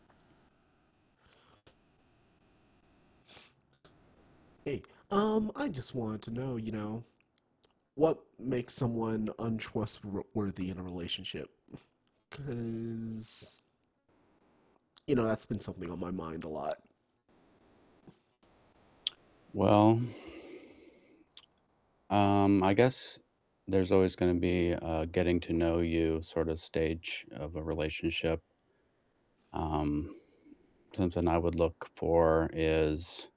Hey, um, I just wanted to know you know, what makes someone untrustworthy in a relationship? 'Cause you know, that's been something on my mind a lot. Well, um, I guess there's always gonna be a getting to know you sort of stage of a relationship. Um, something I would look for is